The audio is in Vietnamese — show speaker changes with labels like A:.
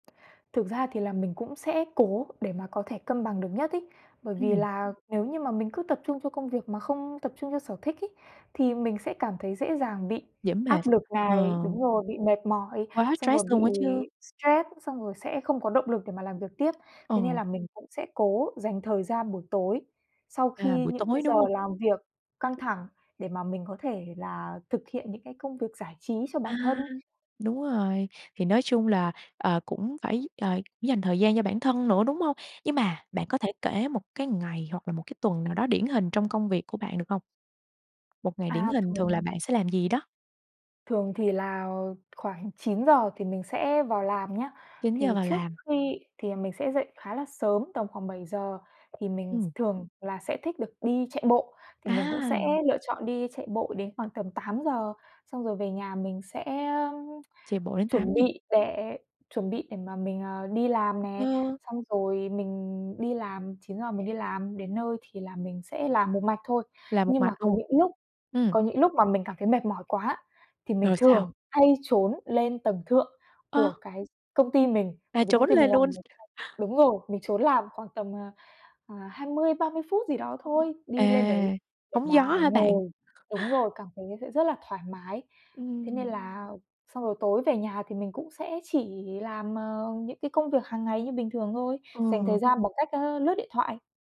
A: Thực ra thì là mình cũng sẽ cố để mà có thể cân bằng được nhất ấy, bởi vì
B: Ừm.
A: là nếu như mà mình cứ tập trung cho công việc mà không tập trung cho sở thích ấy, thì mình sẽ cảm thấy dễ dàng bị
B: Dễ mệt,
A: áp lực
B: ờ.
A: này đúng rồi, bị mệt mỏi,
B: Quá
A: xong rồi
B: stress luôn
A: bị
B: á chứ.
A: stress, xong rồi sẽ không có động lực để mà làm việc tiếp. Thế nên
B: Ờ.
A: là mình cũng sẽ cố dành thời gian buổi tối sau
B: À,
A: khi
B: buổi
A: những cái
B: tối,
A: giờ
B: đúng hông?
A: làm việc căng thẳng, để mà mình có thể là thực hiện những cái công việc giải trí cho
B: A,
A: bản thân.
B: đúng rồi, thì nói chung là, ờ, cũng phải, ờ, dành thời gian cho bản thân nữa, đúng hông? Nhưng mà bạn có thể kể một cái ngày hoặc là một cái tuần nào đó điển hình trong công việc của bạn được hông? Một ngày điển
A: A,
B: hình thường là
A: thường
B: bạn sẽ làm gì đó?
A: Thường thì là khoảng 9:00 thì mình sẽ vào làm nhá,
B: 9:00
A: thì
B: vào
A: trước
B: làm.
A: khi thì là mình sẽ dậy khá là sớm, tầm khoảng 7:00 thì mình s
B: Ừm.
A: thường là sẽ thích được đi chạy bộ, thì mình cũng sẽ
B: À!
A: lựa chọn đi chạy bộ đến khoảng tầm 8:00, xong rồi về nhà mình sẽ, ơm,
B: Chạy bộ đến
A: chuẩn
B: 8:00.
A: bị để chuẩn bị để mà mình, ờ, đi làm nè,
B: Ờ.
A: xong rồi mình đi làm, 9:00 mình đi làm, đến nơi thì là mình sẽ làm một mạch thôi.
B: Làm một
A: Nhưng mà
B: mạch
A: có
B: luôn,
A: những lúc
B: ừm.
A: có những lúc mà mình cảm thấy mệt mỏi quá thì mình
B: Rồi sao?
A: thường hay trốn lên tầng thượng của
B: Ơ!
A: cái công ty mình,
B: À,
A: bởi vì công
B: trốn
A: ty
B: lên
A: mình làm
B: luôn.
A: [unintelligible] đúng rồi, mình trốn làm khoảng tầm, à, à, 20-30 phút gì đó thôi, đi lên đấy
B: À,
A: để
B: hóng gió
A: mà
B: hả bạn?
A: ngồi đúng rồi, cảm thấy sẽ rất là thoải mái. Thế nên
B: Ừm.
A: là xong rồi tối về nhà thì mình cũng sẽ chỉ làm, ờ, những cái công việc hàng ngày như bình thường thôi, dành thời
B: Ừ.
A: gian bằng cách, ơ, lướt điện thoại.